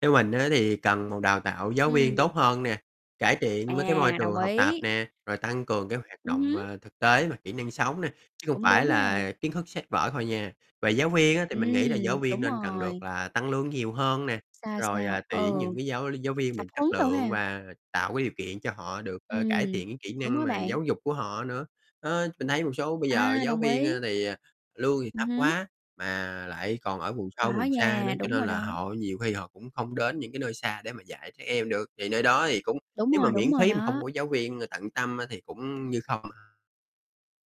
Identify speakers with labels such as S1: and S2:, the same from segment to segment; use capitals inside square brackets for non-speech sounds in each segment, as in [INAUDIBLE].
S1: Theo mình á thì cần một đào tạo giáo viên
S2: Ừm.
S1: tốt hơn nè, cải thiện mấy cái môi
S2: À,
S1: trường
S2: đồng
S1: học tập
S2: ý.
S1: nè, rồi tăng cường cái hoạt
S2: Ừm
S1: động,
S2: hứm.
S1: à, thực tế và kỹ năng sống nè, chứ không
S2: Cũng
S1: phải
S2: đúng ha.
S1: là kiến thức sách vở thôi nha. Về giáo viên á thì mình nghĩ là giáo
S2: Ừm,
S1: viên
S2: đúng
S1: nên cần được
S2: rồi.
S1: là tăng lương nhiều hơn nè,
S2: Sao,
S1: rồi,
S2: sao?
S1: à,
S2: Ừ.
S1: tuyển những cái giáo giáo viên mà
S2: Tập
S1: chất
S2: huấn đồ
S1: lượng
S2: ha.
S1: và tạo cái điều kiện cho họ được, ơ, cải
S2: Ừm.
S1: thiện cái kỹ
S2: Đúng
S1: năng
S2: á
S1: mà
S2: bạn.
S1: giáo dục của họ nữa. Đó, mình thấy một số bây giờ
S2: À,
S1: giáo
S2: đồng
S1: viên, a,
S2: ý.
S1: thì, à, lương thì
S2: Ừm
S1: thấp
S2: hứm.
S1: quá mà lại còn ở vùng sâu
S2: Có
S1: vùng xa nữa,
S2: nha,
S1: cho
S2: đúng rồi
S1: nên là
S2: đó.
S1: họ nhiều khi họ cũng không đến những cái nơi xa để mà dạy trẻ em được, thì nơi đó thì cũng
S2: Đúng
S1: nếu mà
S2: rồi,
S1: miễn
S2: đúng rồi
S1: phí mà không
S2: đó.
S1: có giáo viên tận tâm á thì cũng như không.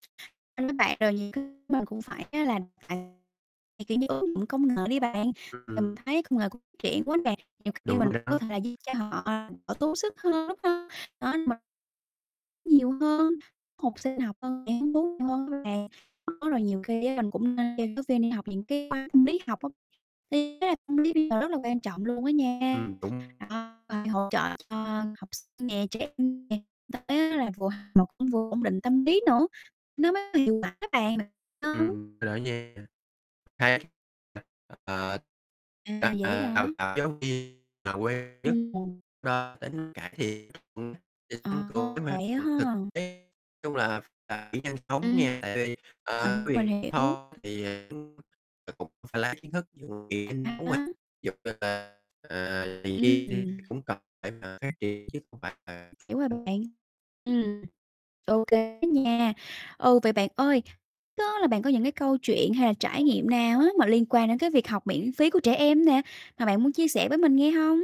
S2: [UNINTELLIGIBLE] Bạn, rồi nhiều cái mình cũng phải á là kiểu như, ứng dụng công nghệ đi bạn. Mình
S1: Ừm.
S2: thấy công nghệ cũng triển quá nè, nhiều khi
S1: Đúng
S2: mình
S1: rồi
S2: cũng có
S1: đó.
S2: thể là cho họ đỡ tốt sức hơn, đúng hông? Đó, m Nhiều hơn, học sinh học hơn, sẽ hứng thú nhiều hơn nữa nè. Đó, rồi nhiều khi á mình cũng nên cho giáo viên đi học những cái khóa tâm lý học á, thì ý là tâm lý bây giờ rất là quan trọng luôn á nha.
S1: Ừm, đúng.
S2: Đó, phải hỗ trợ cho học sinh nè, trẻ em nè [UNINTELLIGIBLE] vừa học mà cũng vừa ổn định tâm lý nữa, nó mới hiệu quả á bạn. Mình [UNINTELLIGIBLE]
S1: Ừm, rồi á nha [UNINTELLIGIBLE] Ờ.
S2: À, vậy á
S1: À,
S2: hả?
S1: đào tạo giáo viên mà
S2: Ừm.
S1: [UNINTELLIGIBLE]
S2: À, vậy
S1: thực
S2: ha!
S1: tế, nói chung là phải nhanh chóng nha,
S2: Ừm.
S1: tại vì, à [UNINTELLIGIBLE]
S2: Mình mình
S1: vì
S2: hiểu.
S1: thôi thì [UNINTELLIGIBLE] cũng phải la kiến thức [UNINTELLIGIBLE] ví
S2: À há.
S1: dụ như là, ờ [UNINTELLIGIBLE]
S2: Ừm.
S1: cũng cần phải mà phát triển, chứ không phải là
S2: Hiểu rồi
S1: [UNINTELLIGIBLE]
S2: bạn. Ừm. Ô kê á nha. Ừ, vậy bạn ơi, đó là bạn có những cái câu chuyện hay là trải nghiệm nào á mà liên quan đến cái việc học miễn phí của trẻ em nè, mà bạn muốn chia sẻ với mình nghe hông?